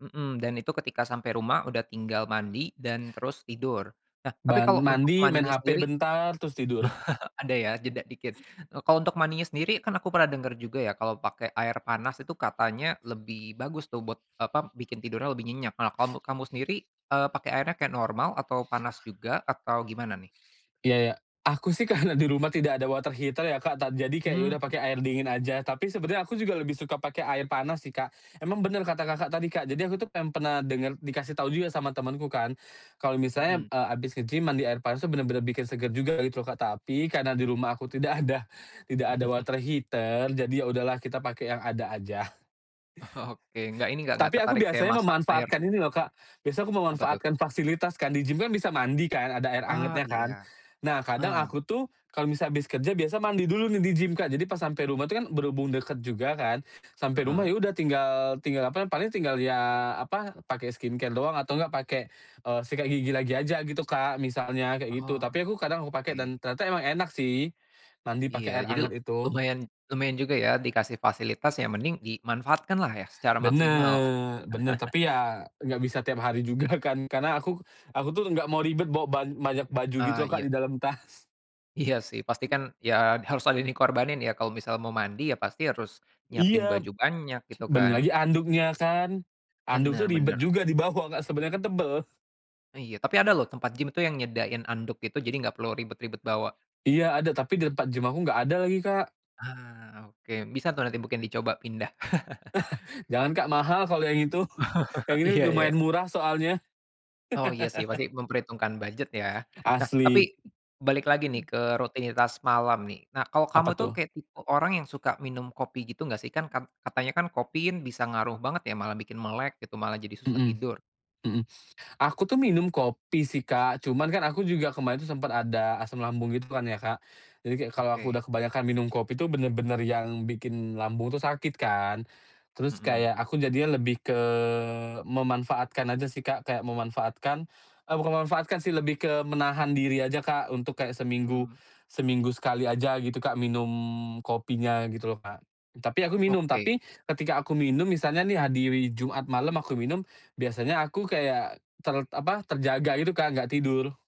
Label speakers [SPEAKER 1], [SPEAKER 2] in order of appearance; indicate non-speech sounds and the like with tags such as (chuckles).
[SPEAKER 1] Mhm, dan itu ketika sampai rumah udah tinggal mandi dan terus tidur. Nah, tapi
[SPEAKER 2] Ban
[SPEAKER 1] kalau untuk
[SPEAKER 2] mandi, main
[SPEAKER 1] mandinya
[SPEAKER 2] hp
[SPEAKER 1] sendiri
[SPEAKER 2] bentar, terus tidur. (chuckles)
[SPEAKER 1] (chuckles) ada ya, jeda dikit. Eee, kalau untuk mandinya sendiri, kan aku pernah denger juga ya kalau pakai air panas itu katanya lebih bagus tuh buat, eee, apa, bikin tidurnya lebih nyenyak. Nah, kamu kamu sendiri, eee, pakai airnya kayak normal, atau panas juga, atau gimana, nih?
[SPEAKER 2] Iya iya. Aku sih karena di rumah tidak ada water heater, ya, Kak, tad jadi, kayak ya
[SPEAKER 1] Hmm.
[SPEAKER 2] udah pake air dingin aja. Tapi, sebenarnya aku juga lebih suka pake air panas sih, Kak. Emang bener kata Kakak tadi, Kak, jadi, aku tuh pen pernah denger dikasih tahu juga sama temenku kan, kalau misalnya,
[SPEAKER 1] Mhm.
[SPEAKER 2] eee, habis nge-gym mandi air panas itu bener-bener bikin seger juga gitu loh, Kak. Tapi, karena di rumah aku tidak ada tidak ada water
[SPEAKER 1] (chuckles)
[SPEAKER 2] heater, jadi ya udahlah kita pakai yang ada aja.
[SPEAKER 1] Oke. Nggak ini, nggak nggak
[SPEAKER 2] Tapi aku
[SPEAKER 1] tertarik kayak
[SPEAKER 2] biasanya
[SPEAKER 1] masak air?
[SPEAKER 2] memanfaatkan ini loh Kak, biasanya aku
[SPEAKER 1] Apa tuh?
[SPEAKER 2] memanfaatkan fasilitas kan, di gym kan bisa mandi kan, ada air
[SPEAKER 1] Oh,
[SPEAKER 2] angetnya kan.
[SPEAKER 1] iya.
[SPEAKER 2] Nah, kadang
[SPEAKER 1] Heeh.
[SPEAKER 2] aku tuh, kalau misalnya habis kerja biasa mandi dulu nih di gym, Kak. Jadi, pas sampai rumah itu kan berhubung dekat juga kan, sampai rumah
[SPEAKER 1] Heeh.
[SPEAKER 2] ya udah tinggal tinggal apa, paling tinggal ya apa, pakai skincare doang, atau enggak pakai, eee, sikat gigi lagi aja gitu, Kak, misalnya kayak gitu.
[SPEAKER 1] Oh,
[SPEAKER 2] Tapi, aku kadang aku pakai
[SPEAKER 1] oke.
[SPEAKER 2] dan ternyata emang enak sih mandi
[SPEAKER 1] Iya.
[SPEAKER 2] pakai air
[SPEAKER 1] Jadi,
[SPEAKER 2] hangat itu.
[SPEAKER 1] lumayan lumayan juga ya, dikasih fasilitas ya mending dimanfaatkanlah ya, secara maksimal lah.
[SPEAKER 2] Bener bener,
[SPEAKER 1] (chuckles)
[SPEAKER 2] tapi ya nggak bisa tiap hari juga kan. Karena aku aku tuh nggak mau ribet bawa ban banyak baju gitu
[SPEAKER 1] Ah,
[SPEAKER 2] loh Kak,
[SPEAKER 1] iya.
[SPEAKER 2] di dalam tas.
[SPEAKER 1] Iya, sih. Pastikan ya harus ada yang dikorbanin ya, kalau misal mau mandi ya pasti harus nyiapin
[SPEAKER 2] Iya.
[SPEAKER 1] baju banyak, gitu
[SPEAKER 2] Belum
[SPEAKER 1] kan.
[SPEAKER 2] lagi handuknya kan. Handuk tuh
[SPEAKER 1] Bener
[SPEAKER 2] ribet
[SPEAKER 1] bener.
[SPEAKER 2] juga di bawa Kak, sebenarnya kan tebel.
[SPEAKER 1] Iya, tapi ada loh tempat gym tuh yang nyediain handuk gitu, jadi nggak perlu ribet-ribet bawa.
[SPEAKER 2] Iya ada, tapi di tempat gym aku nggak ada lagi, Kak.
[SPEAKER 1] Ah, oke. Bisa tuh nanti mungkin dicoba pindah. (chuckles)
[SPEAKER 2] (chuckles) Jangan Kak, mahal kalo yang itu. Yang
[SPEAKER 1] (chuckles)
[SPEAKER 2] ini
[SPEAKER 1] Iya iya.
[SPEAKER 2] lumayan murah soalnya.
[SPEAKER 1] Oh, iya sih,
[SPEAKER 2] (laughs)
[SPEAKER 1] pasti memperhitungkan budget ya. Nah, tapi
[SPEAKER 2] Asli.
[SPEAKER 1] balik lagi nih ke rutinitas malam nih. Nah, kalau kamu
[SPEAKER 2] Apa,
[SPEAKER 1] itu
[SPEAKER 2] tuh?
[SPEAKER 1] kayak tipe orang yang suka minum kopi gitu nggak, sih? Kan kat katanya kan kopi bisa ngaruh banget ya, malah bikin melek gitu, malah jadi susah
[SPEAKER 2] Mhm,
[SPEAKER 1] tidur.
[SPEAKER 2] mhm. Aku tuh minum kopi sih, Kak, cuman kan aku juga kemarin tuh sempat ada asam lambung gitu kan ya, Kak. Jadi kayak kalau aku
[SPEAKER 1] Oke.
[SPEAKER 2] udah kebanyakan minum kopi itu bener-bener yang bikin lambung tuh sakit kan. Terus
[SPEAKER 1] Mhm.
[SPEAKER 2] kayak aku jadinya lebih ke memanfaatkan aja sih, Kak. Kayak memanfaatkan eee, bukan memanfaatkan sih, lebih ke menahan diri aja, Kak, untuk kayak seminggu
[SPEAKER 1] Hmm.
[SPEAKER 2] seminggu sekali aja gitu, Kak, minum kopinya gitu loh, Kak. Tapi, aku minum
[SPEAKER 1] Oke.
[SPEAKER 2] tapi, ketika aku minum misalnya nih di Jumat malam aku minum, biasanya aku kayak ter apa, terjaga gitu Kak, nggak tidur.